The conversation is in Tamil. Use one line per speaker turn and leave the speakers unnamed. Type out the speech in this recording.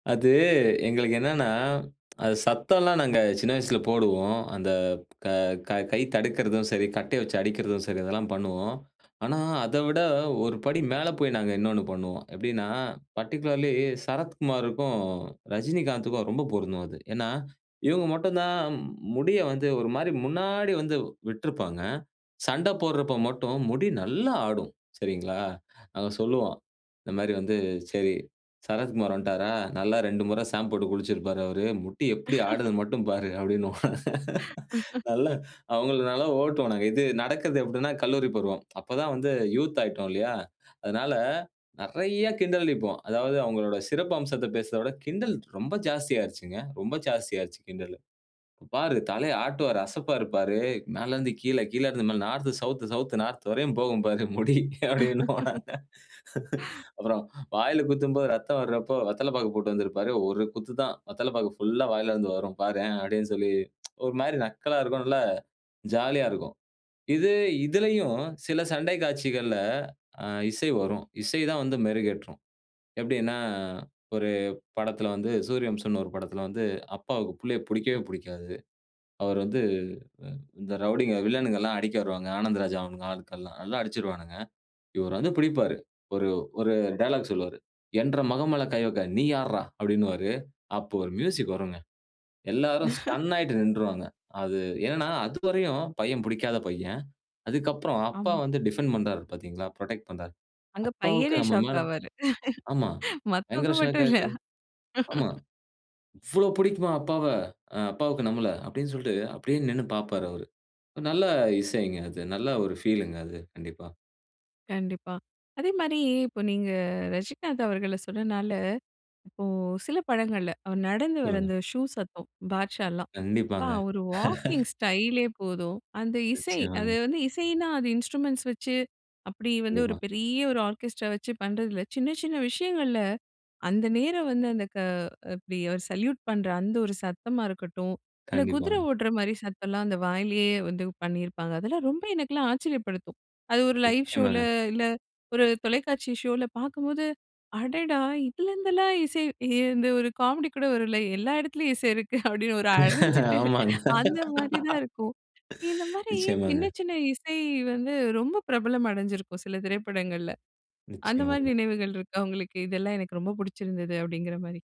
அது எங்களுக்கு என்னன்னா, அது சத்தல்லாம் நாங்க சின்ன வயசில போடுவோம். அந்த க கை தடுக்கிறதும் சரி, கட்டய வச்சு அடிக்கிறதும் சரி, இதெல்லாம் பண்ணுவோம். ஆனா அத விட ஒருபடி மேல போய் நாங்க இன்னொன்னு பண்ணுவோம். எப்படின்னா பர்ட்டிகுலர்லி சரத்குமாருக்கும், ரஜினிகாந்துக்கும் ரொம்ப பொருந்தும் அது. ஏன்னா, இவங்க மட்டும் தான் முடிய வந்து ஒரு மாரி முன்னாடி வந்து விட்டிருப்பாங்க. சண்ட போடுறப்ப மட்டும் முடி நல்லா ஆடும், சரிங்களா. அவன் சொல்லுவான். இந்த மாரி வந்து சரி, சரத்குமார் வந்துட்டாரா? நல்லா 2 முறை சாம்ப் போட்டு குளிச்சிருப்பாரு அவரு. முடி எப்டி ஆடுதுன்னு மட்டும் பாரு அப்படின்னுவோம். அவங்கள நல்லா ஓட்டுவோம் நாங்க. இது நடக்குது அப்படின்னா, கல்லூரி பருவம். அப்போ தான் வந்து யூத் ஆயிட்டோம் இல்லையா, அதனால நெறைய கிண்டலடிப்போம். அதாவது அவங்களுடைய சிறப்பு அம்சத்த பேசுறத விட கிண்டல் ரொம்ப ஜாஸ்தி ஆயிருச்சுங்க. ரொம்ப ஜாஸ்தி ஆயிருச்சு கிண்டல். "இப்போ பாரு தலைய ஆட்டுவாரு. அசப்பாரு பாரு மேல இருந்து கீழ கீழ இருந்து மேல நார்த் சவுத், சவுத் நார்த் வரையும் போகும் பாரு முடி." அப்படின்னுவோம் நாங்க. அப்புறம் வாயில குத்தும்போது இரத்தம் வர்றப்போ வெத்தல பாக்கு போட்டு வந்திருப்பாரு. 1 குத்து தான் வெத்தலை பாக்கு புல்லா வாயில இருந்து வரும் பாரேன். அப்படின்னு சொல்லி ஒரு மாரி நக்கலா இருக்கும். நல்லா ஜாலியா இருக்கும். இது இதிலயும் சில சண்டை காட்சிகள்ல அ இசை வரும். இசை தான் வந்து மெருகேற்றும். எப்படின்னா, ஒரு படத்தில வந்து, சூரியவம்சம்ன்னு ஒரு படத்தில வந்து அப்பாவுக்கு பிள்ளைய புடிக்கவே புடிக்காது. அவர் வந்து, இந்த ரவுடிங்க, வில்லனுகல்லாம் அடிக்க வருவாங்க. ஆனந்த் ராஜா அவனுங்க ஆட்கள்லாம் நல்லா அடிச்சுருவானுங்க. இவர் வந்து பிடிப்பாரு. ஒரு ஒரு டயலாக் சொல்லுவாரு. "என்ற மகன் மேல கை வைக்க. நீ யார்றா?" அப்படின்னுவாரு. அப்போ ஒரு மியூசிக் வருங்க. எல்லாரும் ஸ்டன் ஆயிட்டு நின்றுவாங்க. அது என்னன்னா, அதுவரையும் பையன் புடிக்காத பையன். அதுக்கப்புறம் அப்பா
ஆமா.
வந்து டிஃபெண்ட் பண்றாரு பார்த்தீங்களா? புரொடெக்ட் பண்றாரு.
அங்க
அப்பாவுக்கு
பையனே
நம்ம
ஷாக்
மேல
ஆவாரு.
ஆமா.
மத்தவங்க
பயங்கர ஷாக்
மட்டும் இல்ல.
ஆகுது. ஆமா. இவ்வளவு பிடிக்குமா அப்பாவ அப்பாவுக்கு நம்மள அப்படின்னு சொல்லிட்டு அப்படியே நின்னு பாப்பாரு அவரு. நல்ல இசைங்க அது. நல்ல ஒரு ஃபீல்ங்க அது, கண்டிப்பா.
கண்டிப்பா. அதே மாரி இப்ப நீங்க ரஜினிகாந்த் அவர்கள சொன்னனால, இப்போ சில படங்கள்ல அவர் நடந்து வர்ற
சொல்லுங்க.
அந்த ஷூ சத்தம். பாட்ஷாலாம். ப்பா,
கண்டிப்பாங்க.
அவரு வாக்கிங் ஸ்டைலே போதும். அந்த இசை அது
நிச்சயமாங்க.
வந்து இசைன்னா, அது இன்ஸ்ட்ரூமென்ட்ஸ் வச்சு அப்படி வந்து ஒரு
கண்டிப்பா.
பெரிய ஒரு ஆர்கெஸ்ட்ரா வச்சு பண்றது இல்ல. சின்ன சின்ன விஷயங்கள்ல அந்த நேரம் வந்து அந்த க இப்டி சல்யூட் பண்ற அந்த ஒரு சத்தமா இருக்கட்டும். இல்ல குதிர
கண்டிப்பாங்க.
ஓடுற மாரி சத்தம் எல்லாம் அந்த வாயிலயே வந்து பண்ணியிருப்பாங்க. அதெல்லாம் ரொம்ப எனக்கெல்லாம் ஆச்சரியப்படுத்தும். அது ஒரு லைவ் ஷோல
நிச்சயமாங்க.
இல்ல ஒரு தொலைக்காட்சி ஷோல பாக்கும்போது அடடா! இதுலருந்துலாம் இசை இந்த ஒரு காமெடி கூட வருல்ல எல்லா இடத்துலயும் இசை இருக்கு. அப்படின்னு ஒரு அடைஞ்சிட்டு
ஆமாங்க.
அந்த மாதிரி தான் இருக்கும். இந்த மாரி
நிச்சயமாங்க.
சின்ன சின்ன இசை வந்து ரொம்ப பிரபலம் அடைஞ்சிருக்கும் சில திரைப்படங்கள்ல. அந்த மாரி
நிச்சயமாங்க.
நினைவுகள் இருக்கா உங்களுக்கு, இதெல்லாம் எனக்கு ரொம்ப பிடிச்சிருந்தது. அப்படிங்கிற மாரி?